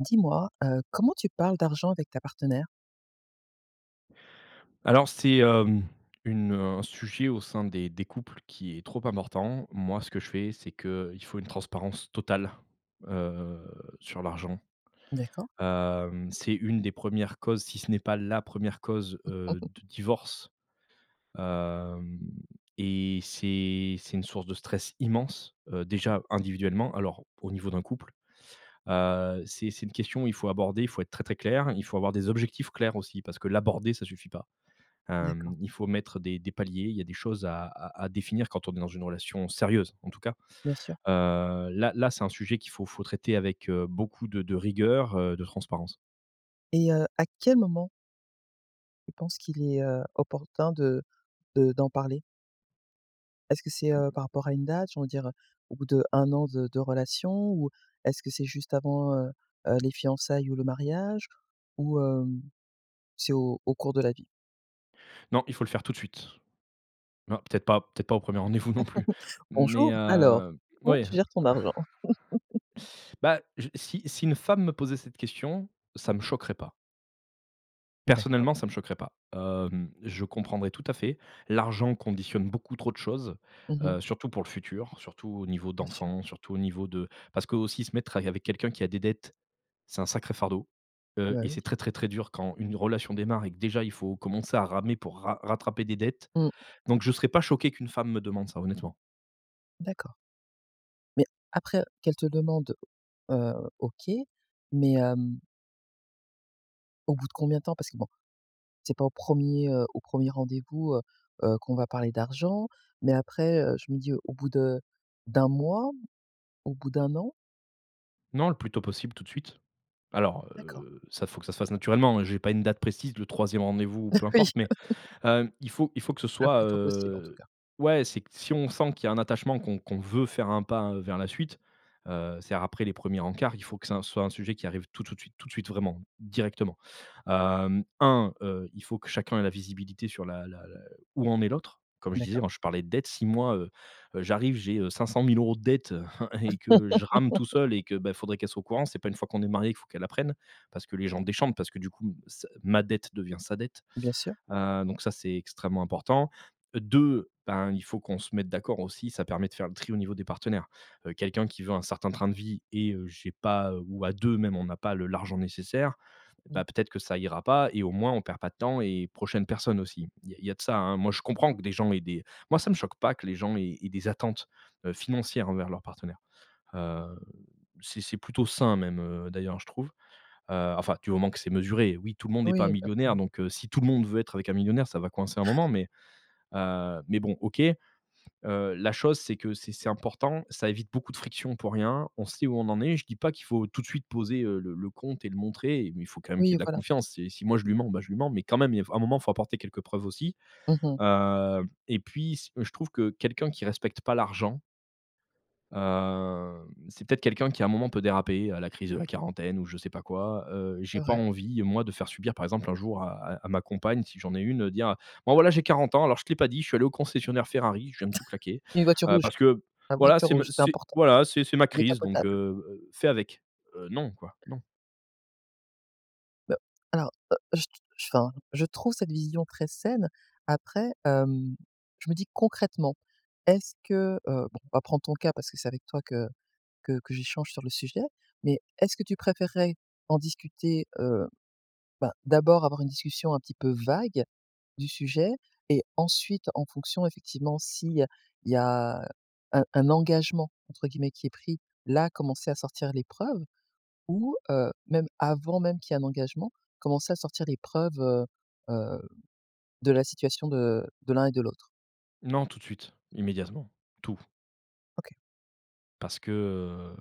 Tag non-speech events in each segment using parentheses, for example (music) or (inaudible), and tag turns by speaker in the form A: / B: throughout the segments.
A: Dis-moi, heu, comment tu parles d'argent avec ta partenaire?
B: Alors c'est, hem, une, heu, un sujet au sein des des couples qui est trop important. Moi ce que je fais, c'est qu'il faut une transparence totale, heu, sur l'argent.
A: D'accord.
B: Hem, c'est une des 1res causes si ce n'est pas la 1re cause, heu,
A: (chuckles)
B: de divorce, hem, et c'est c'est une source de stress immense, heu,
A: OK.
B: déjà individuellement alors au niveau d'un couple, heu, c'est c'est une question il faut aborder, il faut être très très clair, il faut avoir des objectifs clairs aussi parce que l'aborder ça suffit pas.
A: D'accord.
B: Hem, il faut mettre des des paliers, il y a des choses à à à définir quand on est dans une relation sérieuse en tout cas.
A: Bien sûr.
B: Heu, là là c'est un sujet qu'il faut faut traiter avec, heu, beaucoup de de rigueur, heu, de transparence.
A: Et heu, à quel moment tu penses qu'il est, heu, opportun de de d'en parler? Est-ce que c'est, heu, par rapport à une date, on va dire, heu, au bout d'1 de de relation ou est-ce que c'est juste avant, heu heu, les fiançailles ou le mariage ou, hem, c'est au au cours de la vie?
B: Non, il faut le faire tout de suite. Non, peut-être pas peut-être pas au 1er rendez-vous non plus.
A: (chuckles)
B: Mais,
A: Bonjour, alors
B: heu,
A: comment
B: oui!
A: tu gères ton argent? (chuckles)
B: (sighs) Bah, je si si une femme me posait cette question, ça me choquerait pas.
A: D'accord.
B: Personnellement, ça me choquerait pas. Hem, je comprendrais tout à fait. L'argent conditionne beaucoup trop de choses,
A: Mmh mh.
B: heu, surtout pour le futur surtout au niveau
A: Bien sûr.
B: d'enfant surtout au niveau de parce que aussi se mettre avec quelqu'un qui a des dettes c'est un sacré fardeau,
A: Ah
B: heu,
A: bah
B: et
A: oui.
B: c'est très, très, très dur quand une relation démarre et que déjà il faut commencer à ramer pour ra rattraper des dettes
A: Mmh.
B: donc je serais pas choqué qu'une femme me demande ça, honnêtement.
A: D'accord. Mais, après, heu, qu'elle te demande, heu, OK, mais hem au bout de combien de temps parce que, bon, c'est pas au 1er, heu, au 1er rendez-vous, heu heu, qu'on va parler d'argent, mais, après, heu, je me dis au bout de d'1 mois, au bout d'1 an?
B: Non, le plus tôt possible, tout de suite. Alors,
A: D'accord.
B: heu, ça, faut que ça se fasse naturellement, heu, j'ai pas une date précise, le 3e rendez-vous ou
A: Bah,
B: peu
A: oui!
B: importe, mais, hem, il faut il faut que ce
A: Le
B: soit,
A: plus tôt possible, en tout
B: heu,
A: cas.
B: ouais, c'est si on sent qu'il y a un attachement, qu'on qu'on veut faire un pas, heu, vers la suite, heu, c'est après les 1ers rencarts. Il faut que ça soit un sujet qui arrive tout tout de suite tout de suite, vraiment, directement. Hem, 1, heu, il faut que chacun ait la visibilité sur la la l où en est l'autre. Comme je disais,
A: D'accord.
B: moi, je parlais de dettes, si moi, heu, j'arrive, j'ai 500 000 € de dettes (chuckles) et que, je rame tout seul et que,
A: (laughs)
B: beh, faudrait qu'elle soit au courant. C'est pas une fois qu'on est mariés, qu'il faut qu'elle apprenne parce que les gens déchantent, parce que, du coup, ce ma dette devient sa dette,
A: Bien sûr.
B: heu, donc ça, c'est extrêmement important. Heu, 2 ben, il faut qu'on se mette d'accord aussi. Ça permet de faire le tri au niveau des partenaires, heu, quelqu'un qui veut un certain train de vie et heu, j'ai pas, heu, ou à 2 même, on n'a pas le l'argent nécessaire,
A: Mmh.
B: bah, peut être que ça ira pas et au moins on perd pas de temps et prochaines personnes aussi. Il y a il y a de ça, moi, je comprends que des gens aient des moi, ça me choque pas que les gens aient aient des attentes, heu, financières envers leurs partenaires. Heu, c'est c'est plutôt sain même, heu, d'ailleurs, je trouve, heu, enfin, du moment que c'est mesuré. Oui, tout le monde est pas
A: Oui, pas
B: millionnaire
A: plus.
B: donc, heu, si tout le monde veut être avec un millionnaire, ça va coincer un
A: (chuckles)
B: moment mais, heu, mais, bon. OK, heu, la chose c'est que c'est c'est important. Ça évite beaucoup de frictions pour rien. On sait où on en est. Je dis pas qu'il faut tout de suite poser, heu, le le compte et le montrer et mais il faut quand même qu'il y
A: Oui,
B: ait de la
A: voilà.
B: confiance. C'est si moi je lui mens, bah, je lui mens, mais quand même, il f à un moment faut apporter quelques preuves aussi,
A: Mmh mh.
B: heu et puis, ce heu, je trouve que quelqu'un qui respecte pas l'argent heu, c'est peut-être quelqu'un qui, à un moment, peut déraper, à la crise de la quarantaine ou je sais pas quoi, heu j'ai
A: C'est
B: pas
A: vrai.
B: envie, moi, de faire subir, par exemple, un jour à à à ma compagne, si j'en ai une, dire, heu: «Bon, voilà, j'ai 40 ans, alors, je t'ai pas dit, je suis allé au concessionnaire Ferrari, je viens de tout
A: (chuckles)
B: claquer,
A: Une voiture
B: heu,
A: rouge,
B: parce que,
A: la
B: voilà,
A: voiture
B: c'est me
A: rouge, c'est
B: c'est,
A: important.
B: voilà, c'est c'est ma crise donc, heu
A: Décapotable.
B: heu, fais avec». Heu, non, quoi, non.
A: Heu, alors, heu, je t je enfin, je trouve cette vision très saine. Après, hem, je me dis concrètement, est-ce que, heu, bon, on va prendre ton cas parce que c'est avec toi que que que j'échange sur le sujet, mais est-ce que tu préférerais en discuter, heu, bah d'abord avoir une discussion un petit peu vague du sujet et ensuite, en fonction effectivement si, il y a il y a un un «engagement» entre guillemets qui est pris, là, commencer à sortir les preuves ou, heu, même avant même qu'il y ait un engagement, commencer à sortir les preuves, heu heu, de la situation de de l'un et de l'autre?
B: Non, tout de suite, immédiatement, tout
A: OK.
B: parce que,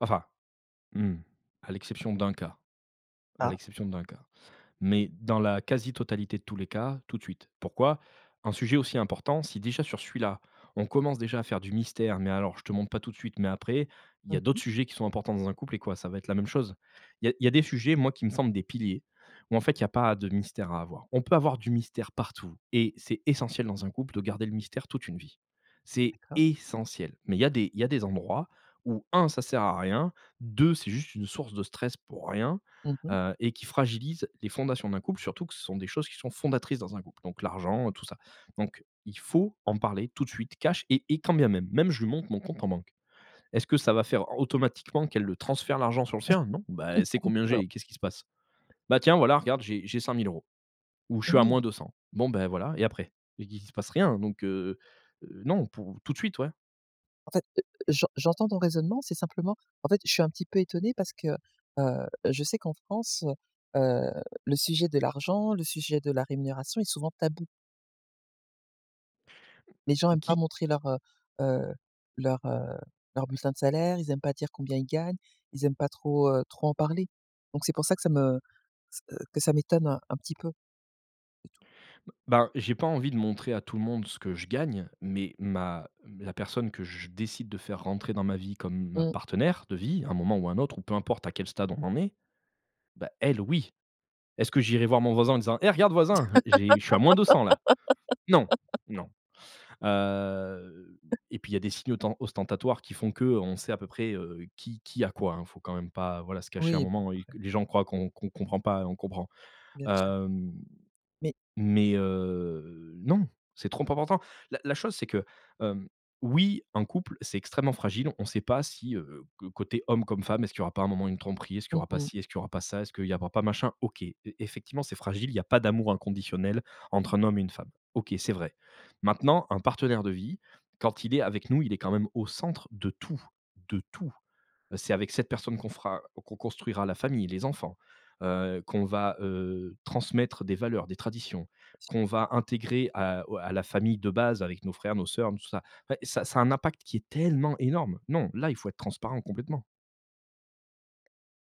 B: enfin, mmh, à l'exception d'un cas à
A: Ah.
B: l'exception d'un cas, mais dans la quasi totalité de tous les cas, tout de suite. Pourquoi? Un sujet aussi important, si déjà sur celui-là on commence déjà à faire du mystère, mais alors: «Je te montre pas tout de suite, mais après!» il y a
A: Mmh mh.
B: d'autres sujets qui sont importants dans un couple et quoi, ça va être la même chose? Il y a il y a des sujets, moi, qui me semblent des piliers où, en fait, il y a pas de mystère à avoir. On peut avoir du mystère partout et c'est essentiel dans un couple de garder le mystère toute une vie. C'est
A: D'accord.
B: essentiel mais il y a des il y a des endroits où 1 ça sert à rien, 2 c'est juste une source de stress pour rien,
A: Mmh mh.
B: heu, et qui fragilise les fondations d'un couple, surtout que ce sont des choses qui sont fondatrices dans un couple, donc l'argent, heu, tout ça, donc il faut en parler tout de suite, cash, et et quand bien même, même je lui montre mon compte en banque. Est-ce que ça va faire automatiquement qu'elle le transfère, l'argent sur le sien, non, ben, elle sait
A: (chuckles)
B: combien j'ai,
A: Non.
B: et qu'est-ce qui se passe? «Bah tiens, voilà, regarde, j'ai j'ai 5 000 €», ou «je suis à
A: Oui.
B: moins 200» bon, ben voilà, et après et qui il se passe rien, donc heu heu, non, pour tout de suite. Ouais.
A: En fait, heu, j'en j'entends ton raisonnement, c'est simplement en fait, je suis un petit peu étonné parce que, heu, je sais qu'en France, heu, le sujet de l'argent, le sujet de la rémunération est souvent tabou. Les gens
B: Mmh
A: aiment pas
B: qui
A: montrer leur heu heu, leur heu, leur bulletins de salaire, ils aiment pas dire combien ils gagnent, ils aiment pas trop, heu, trop en parler. Donc c'est pour ça que ça me ç heu, que ça m'étonne un un petit peu. C'est tout.
B: B ben, j'ai pas envie de montrer à tout le monde ce que je gagne, mais ma la personne que je décide de faire rentrer dans ma vie comme ma
A: Mmh.
B: partenaire de vie à un moment ou un autre ou peu importe à quel stade on en est, bah, elle oui. Est-ce que j'irai voir mon voisin en disant: «Eh regarde voisin, j'ai je suis à -200 là!» Non,
A: (laughs)
B: non. Heu
A: (chuckles)
B: et puis il y a des signes autan ostentatoires qui font qu'on sait à peu près, heu, qui qui a quoi, hein, faut quand même pas, voilà, se cacher un
A: Oui, bon
B: moment et qu
A: après
B: les gens croient qu'on qu'on comprend pas, heu, on comprend.
A: Bien sur.
B: Hem,
A: Mais
B: mais heu, non c'est trop important. La la chose c'est que, hem, oui un couple c'est extrêmement fragile on sait pas si, heu, co côté homme comme femme est-ce qu'il y aura pas un moment une tromperie, est-ce qu'il y
A: Mmh
B: aura pas
A: mh.
B: ci, est ce qu'il y aura pas ça, est-ce qu'il y aura pas machin OK, e effectivement c'est fragile il y a pas d'amour inconditionnel entre un homme et une femme. OK, c'est vrai. Maintenant un partenaire de vie quand il est avec nous il est quand même au centre de tout de tout. Heu, c'est avec cette personne qu'on fera o qu'on construira la famille, les enfants, heu, qu'on va, heu, transmettre des valeurs, des traditions, qu'on va intégrer à o à la famille de base avec nos frères, nos sœurs, nos tout ça et ça ça a un impact qui est tellement énorme. Non là il faut être transparent, complètement.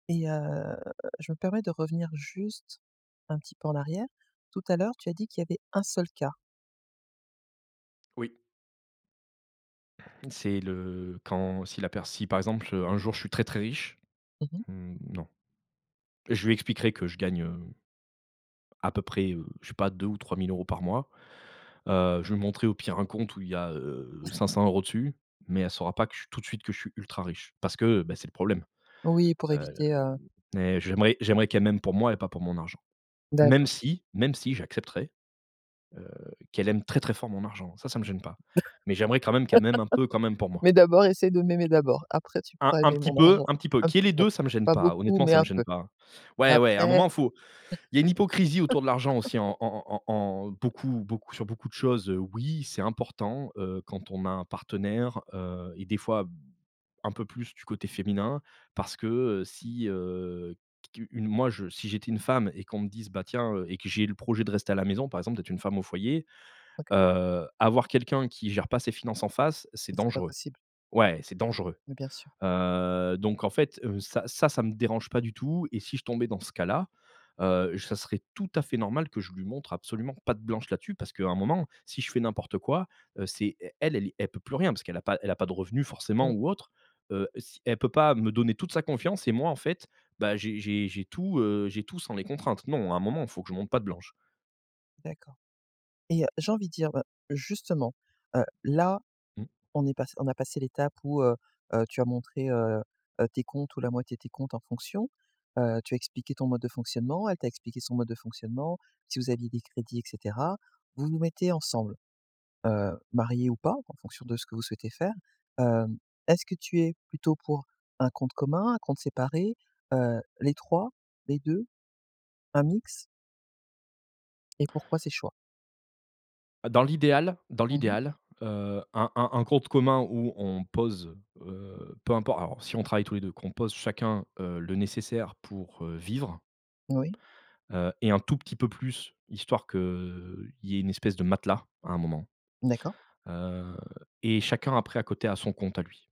A: Et heu, je me permets de revenir juste un petit peu en arrière. Tout à l'heure tu as dit qu'il y avait un seul cas.
B: Oui. C'est le quand si la pers si, par exemple, heu, un jour, je suis très, très riche,
A: Mmh mh.
B: mmh, non! Je lui expliquerai que je gagne, hem à peu près, heu, je sais pas 2 ou 3000 € par mois, heu, je lui montrerai au pire un compte où il y a, heu
A: (chuckles)
B: 500 € dessus. Mais elle saura pas que je tout de suite, que je suis ultra riche. Parce que, heu, bah, c'est le problème,
A: Oui pour
B: heu,
A: éviter, heu
B: mais j'aimerais j'aimerais qu'elle m'aime pour moi et pas pour mon argent. Même
A: D'accord.
B: si, même si j'accepterais, heu, qu'elle aime très, très fort mon argent, ça, ça me gêne pas. Mais j'aimerais quand même, qu'elle m'aime un peu, quand même
A: (laughs)
B: pour moi.
A: Mais d'abord essaie de m'aimer, d'abord, après tu
B: Un
A: pourras
B: un
A: aimer
B: petit
A: mon
B: peu
A: argent,
B: un petit peu.
A: un
B: Qu'il y
A: petit
B: ait les
A: peu.
B: 2 ça me gêne
A: Pas
B: pas,
A: beaucoup,
B: honnêtement,
A: mais
B: ça
A: un
B: me gêne
A: peu.
B: pas.
A: Et
B: Ouais, ouais, un
A: après
B: moment, faut il y a une hypocrisie autour de l'argent
A: (laughs)
B: aussi en en en en en beaucoup beaucoup sur beaucoup de choses. Oui c'est important, heu, quand on a un partenaire, heu et des fois, un peu plus du côté féminin. Parce que, heu, si, heu, qu une moi, je si j'étais une femme et qu'on me dise: «Bah, tiens, heu» et que j'ai le projet de rester à la maison, par exemple, d'être une femme au foyer,
A: OK.
B: heu, avoir quelqu'un qui gère pas ses finances en face, c'est
A: Mais, c'est pas
B: dangereux.
A: possible.
B: Ouais, c'est dangereux,
A: Mais, bien sûr.
B: heu, donc en fait, heu, ça ça, ça me dérange pas du tout et si je tombais dans ce cas-là, heu, je ça serait tout à fait normal que je lui montre absolument patte blanche là-dessus, parce qu'à un moment, si je fais n'importe quoi, heu, c'est elle elle est elle peut plus rien, parce qu'elle a pas elle a pas de revenus forcément
A: Mmh.
B: ou autre, heu, si elle peut pas me donner toute sa confiance et moi en fait, bah, j'ai j'ai j'ai tout, heu, j'ai tout sans les contraintes. Non, à un moment, il faut que je montre patte blanche!
A: D'accord et heu, j'ai envie de dire, bah, justement, heu, là,
B: Mmh.
A: on est passé on a passé l'étape où, heu heu, tu as montré, heu, heu, tes comptes ou la moitié de tes comptes en fonction, heu, tu as expliqué ton mode de fonctionnement, elle t'a expliqué son mode de fonctionnement, si vous aviez des crédits et cetera, vous vous mettez ensemble, heu, mariés ou pas, en fonction de ce que vous souhaitez faire, hem, est-ce que tu es plutôt pour un compte commun, un compte séparé, heu, les 3? les 2? Un mix? Et pourquoi ces choix?
B: Dans l'idéal dans
A: Mmh mh.
B: l'idéal, heu, un un un compte commun où on pose, heu, peu importe alors si on travaille tous les 2, qu'on pose chacun, heu, le nécessaire pour, heu, vivre
A: Oui.
B: heu et un tout petit peu plus, histoire qu'il y ait une espèce de matelas, à un moment,
A: D'accord.
B: heu et chacun, après, à côté a son compte à lui.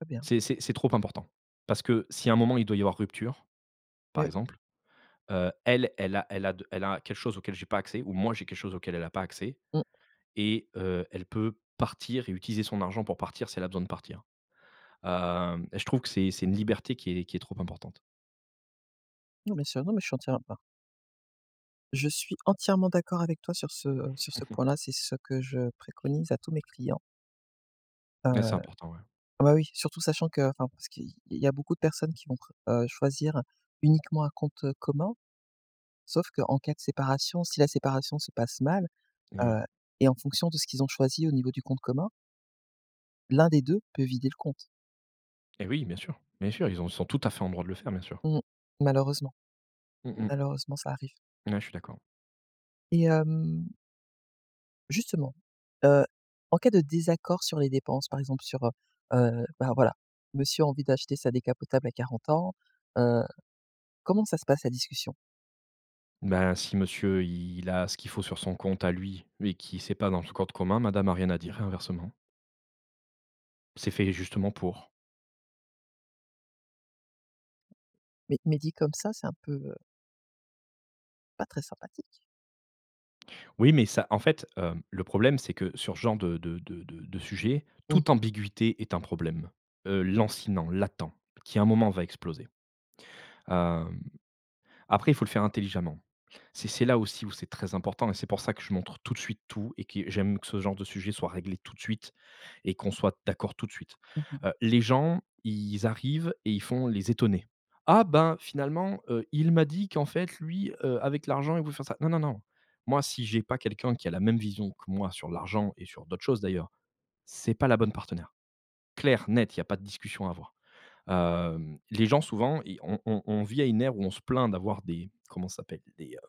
A: Très bien.
B: C'est c'est c'est trop important. Parce que, si à un moment il doit y avoir rupture, par
A: Oui.
B: exemple, heu, elle, elle a elle a de elle a quelque chose auquel j'ai pas accès, ou moi, j'ai quelque chose auquel elle a pas accès
A: Mmh.
B: et heu, elle peut partir et utiliser son argent pour partir, si elle a besoin de partir, hem, je trouve que c'est c'est une liberté qui est qui est trop importante.
A: Non, bien sûr non, mais je suis entière à bah Je suis entièrement d'accord avec toi sur ce sur
B: Mmh
A: ce
B: mh.
A: point-là, c'est ce que je préconise à tous mes clients. Heu,
B: Là c'est important, ouais.
A: ah, bah oui, surtout sachant qu'enfin parce qu'il il y a beaucoup de personnes qui vont pre heu, choisir uniquement un compte, heu, commun sauf qu'en cas de séparation, si la séparation se passe mal
B: Et, oui.
A: heu et en fonction de ce qu'ils ont choisi au niveau du compte commun l'un des 2 peut vider le compte.
B: Et oui, bien sûr bien sûr, ils ont sont tout à fait en droit de le faire, bien sûr.
A: Mmh, malheureusement.
B: Mmh mh.
A: Malheureusement, ça arrive.
B: N ouais, je suis d'accord.
A: Et hem justement, heu, en cas de désaccord sur les dépenses par exemple sur, heu heu, bah voilà monsieur a envie d'acheter sa décapotable à 40 ans, heu, comment ça se passe la discussion?
B: Ben, si monsieur, il a ce qu'il faut sur son compte à lui, mais qui c'est pas dans le cote commun, madame a rien à dire et inversement. C'est fait justement pour.
A: Mais mais dit comme ça, c'est un peu, heu pas très sympathique.
B: Oui, mais ça, en fait, hem le problème c'est que sur ce genre de de de de de sujet,
A: Mmh
B: toute
A: mh.
B: ambiguïté est un problème, heu, lancinant, latent, qui à un moment va exploser. Hem, après, il faut le faire intelligemment. C'est c'est là aussi où c'est très important et c'est pour ça que je montre tout de suite tout et que j'aime que ce genre de sujet soit réglé tout de suite et qu'on soit d'accord tout de suite.
A: Mmh mh.
B: Heu, les gens ils arrivent et ils font les étonnés. «Ah ben finalement, heu, il m'a dit qu'en fait lui, heu, avec l'argent il veut faire ça». Non, non, non, moi si j'ai pas quelqu'un qui a la même vision que moi sur l'argent et sur d'autres choses d'ailleurs, c'est pas la bonne partenaire. Clair, net, il y a pas de discussion à avoir. Hem, les gens souvent, ils on on on vit à une ère où on se plaint d'avoir des comment ça s'appelle? Des, heu,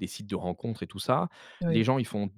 B: des sites de rencontres et tout ça, les
A: Oui.
B: gens ils font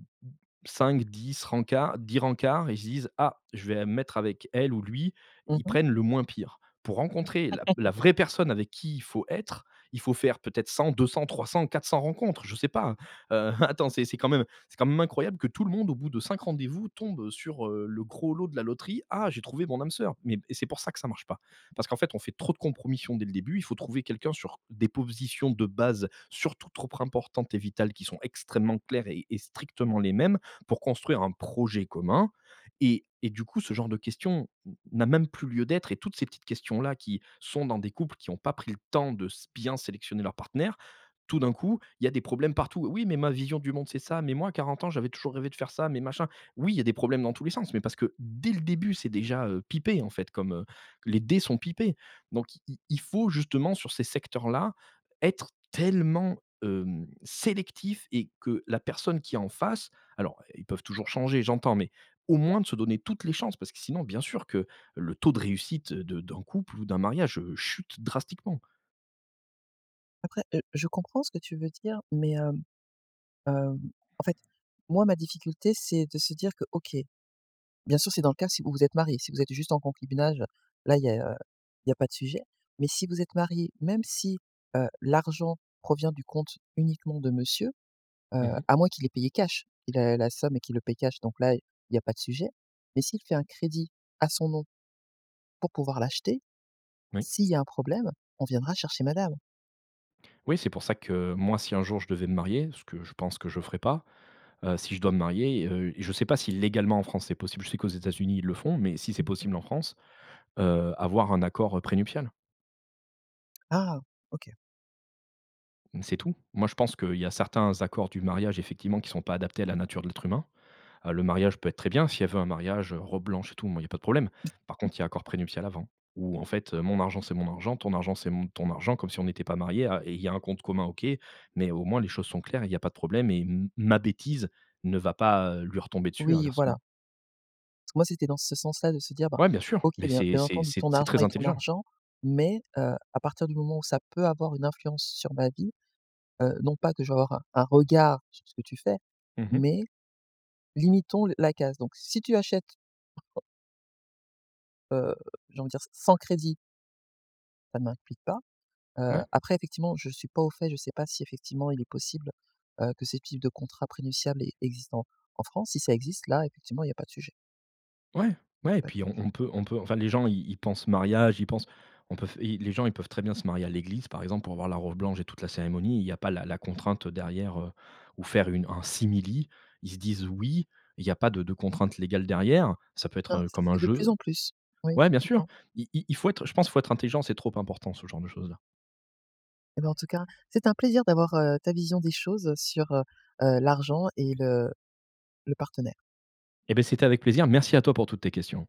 B: 5-10 rencards, 10 rencards et ils se disent: «Ah je vais mettre avec elle ou lui»
A: Mmh
B: ils
A: mh.
B: prennent le moins pire. Pour rencontrer la la
A: (laughs)
B: vraie personne avec qui il faut être, il faut faire peut-être 100-200-300-400 rencontres, je sais pas. Heu, (chuckles) attends c'est c'est quand même c'est quand même incroyable que tout le monde au bout de 5 rendez-vous tombe, heu, sur, heu, le gros lot de la loterie ah j'ai trouvé mon âme sœur mais et c'est pour ça que ça marche pas. Parce qu'en fait on fait trop de compromissions dès le début il faut trouver quelqu'un sur des positions de base surtout trop importantes et vitales qui sont extrêmement claires et et strictement les mêmes pour construire un projet commun et et du coup ce genre de questions n n'a même plus lieu d'être et toutes ces petites questions-là qui sont dans des couples qui ont pas pris le temps de s bien sélectionner leurs partenaires, tout d'un coup il y a des problèmes partout. «Oui mais ma vision du monde c'est ça. Mais moi à 40 ans j'avais toujours rêvé de faire ça. Mais machin». Oui il y a des problèmes dans tous les sens mais parce que dès le début c'est déjà, heu, pipé en fait comme, heu les dés sont pipés, donc il il il faut justement sur ces secteurs-là, être tellement, hem, sélectif et que la personne qui est en face alors ils peuvent toujours changer j'entends mais au moins de se donner toutes les chances parce que sinon bien sûr que le taux de réussite de d'un couple ou d'un mariage, heu, chute drastiquement.
A: Après, heu, je comprends ce que tu veux dire, mais, hem, heu, en fait, moi ma difficulté c'est de se dire que OK, bien sûr c'est dans le cas si vous vous êtes mariés, si vous êtes juste en concubinage là il y a il y a pas de sujet. Mais si vous êtes mariés, même si, heu, l'argent provient du compte uniquement de monsieur, heu,
B: Mmh mh.
A: à moins qu'il ait payé cash. Il a la somme et qu'il le paie cash, donc là il y a pas de sujet. Mais s'il fait un crédit, à son nom, pour pouvoir l'acheter,
B: Oui.
A: s'il y a un problème, on viendra chercher madame.
B: Oui, c'est pour ça que moi, si un jour je devais me marier- ce que je pense que je ferais pas- heu, si je dois me marier, heu, je sais pas si légalement, en France, c'est possible. Je sais qu'aux États-Unis ils le font, mais si c'est
A: Mmh mh.
B: possible en France, heu, avoir un accord, heu, prénuptial.
A: Ah! OK.
B: C'est tout. Moi, je pense qu'il y a certains accords du mariage, effectivement, qui sont pas adaptés à la nature de l'être humain. Heu, le mariage peut être très bien, si elle veut un mariage, heu, robe blanche et tout, moi il y a pas de problème. Par contre, il y a
A: (unintelligible)
B: accord prénuptial avant. Où, en fait, heu, mon argent c'est mon argent, ton argent c'est mon ton argent comme si on n'était pas mariés. Ah, et il y a un compte commun, OK, mais au moins les choses sont claires, il y a pas de problème et m ma bêtise ne va pas, heu, lui retomber dessus, et
A: Oui, voilà.
B: inversement.
A: Moi, c'était dans ce sens-là, de se dire: «Ben
B: Ouais, bien sûr,
A: OK,
B: mais
A: bien
B: c'est
A: bien
B: c'est
A: entendu,
B: c'est
A: ton
B: c'est
A: argent
B: très
A: est ton
B: intelligent.
A: argent mais, heu, à partir du moment où ça peut avoir une influence sur ma vie, heu, non pas que je vais avoir un un regard sur ce que tu fais,
B: Mmh mh.
A: mais limitons le la casse. Donc si tu achètes heu, j'ai envie de dire, s sans crédit ça ne m'implique pas. Heu
B: Ouais.
A: après effectivement, je suis pas au fait, je sais pas si effectivement il est possible, heu, que ces types de contrats prénuptials e existent en en France. Si ça existe, là effectivement il y a pas de sujet.
B: Ouais, ouais. Et
A: Pas de
B: puis on
A: sujet.
B: on peut on peut enfin, les gens, ils ils pensent mariage, ils pensent on peut f et les gens ils peuvent très bien se marier à l'église, par exemple, pour avoir la robe blanche et toute la cérémonie. Il y a pas la la contrainte, heu, derrière, heu ou faire une un simili, ils se disent «oui», il y a pas de de contraintes légales derrière, ça peut être,
A: Ben,
B: heu,
A: ça
B: comme
A: se
B: un
A: fait de plus
B: jeu.
A: en plus. Oui,
B: Ouais, bien sûr.
A: effectivement.
B: Il il il faut être, je pense, faut être intelligent. C'est trop important, ce genre de choses-là.
A: Eh ben, en tout cas, c'était un plaisir d'avoir, heu, ta vision des choses sur, heu heu, l'argent et le le partenaire.
B: Et beh, c'était avec plaisir. Merci à toi pour toutes tes questions.